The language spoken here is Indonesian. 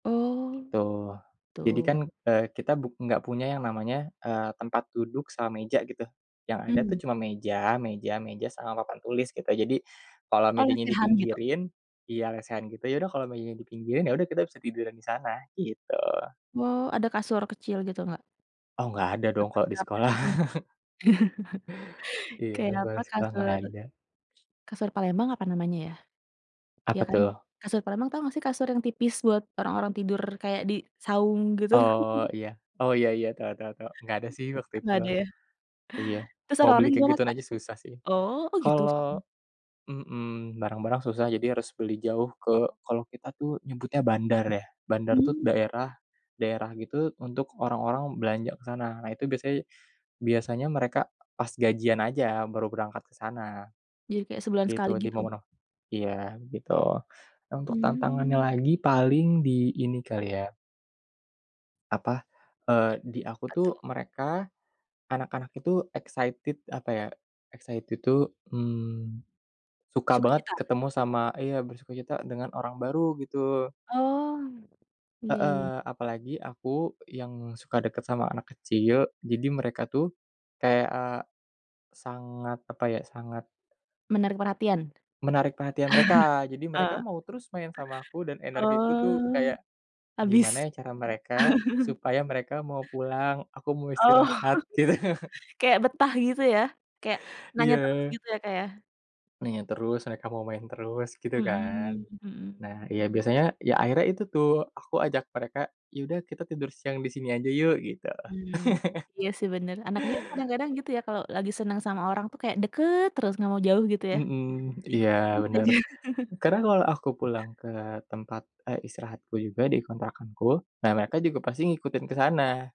Oh Gitu, gitu. jadi kan e kita bu gak punya yang namanya eee tempat duduk sama meja gitu. Yang ada tuh Mmm. cuma meja, meja, meja sama papan tulis gitu. Jadi, kalau Oh mejanya lesehan gitu? dipinggirin iya lesehan gitu, yaudah kalau meja dipinggirin yaudah kita bisa tiduran disana, gitu. Wow ada kasur kecil gitu gak? Oh gak ada dong Dapat kalau di karpet sekolah. gitu gak? Iya Kayak kalau apa, di sekolah gak Kasur, ada. kasur Palembang apa namanya ya? Iya Apa kan? tuh? Kasur Palembang tau gak sih kasur yang tipis buat orang-orang tidur kayak di saung gitu? Oh iya, oh iya iya, tau tau tau, gak ada sih waktu itu. Gak ada ya? Iya, Terus mau beli orang-orang kayak gimana gituan Kak? aja susah sih. Oh, oh gitu? Se Kalau mhm barang-barang susah jadi harus beli jauh ke kalau kita tuh nyebutnya bandar ya, bandar tuh Mmm. daerah, daerah gitu untuk orang-orang belanja ke sana, nah itu biasanya, biasanya mereka pas gajian aja baru berangkat ke sana, Jadi kayak sebulan sekali gitu. di gitu? momen-mo iya, gitu. Untuk tantangannya Hmm. lagi paling di ini kali ya Apa e di aku Apa tuh tuh? mereka, anak-anak itu excited, apa ya? Excited itu mmm suka banget Sukacita? ketemu sama iya bersukacita dengan orang baru gitu. Oh, iya iya. Heeh, apalagi aku yang suka deket sama anak kecil, jadi mereka tuh kayak sangat apa ya sangat Menarik perhatian? Menarik perhatian mereka, jadi mereka mau terus main sama aku dan E energiku tuh Oh, kayak gimana habis. ya cara mereka, supaya mereka mau pulang, aku mau Oh, istirahat, gitu. kayak betah gitu ya? Kayak nanya terus Iya. gitu ya Kak ya? Nanya terus, mereka mau main terus gitu kan. Mhm, mhm. Nah ya biasanya ya akhirnya itu tuh, aku ajak mereka, yaudah kita tidur siang disini aja yuk gitu. Mmm iya sih bener. Anak kecil kan kadang-kadang gitu ya kalau lagi seneng sama orang tuh kayak deket terus gak mau jauh gitu ya? Mhm iya Ngikutin bener, aja. kadang kalau aku pulang ke tempat e istirahatku juga di kontrakanku, nah mereka juga pasti ngikutin ke sana.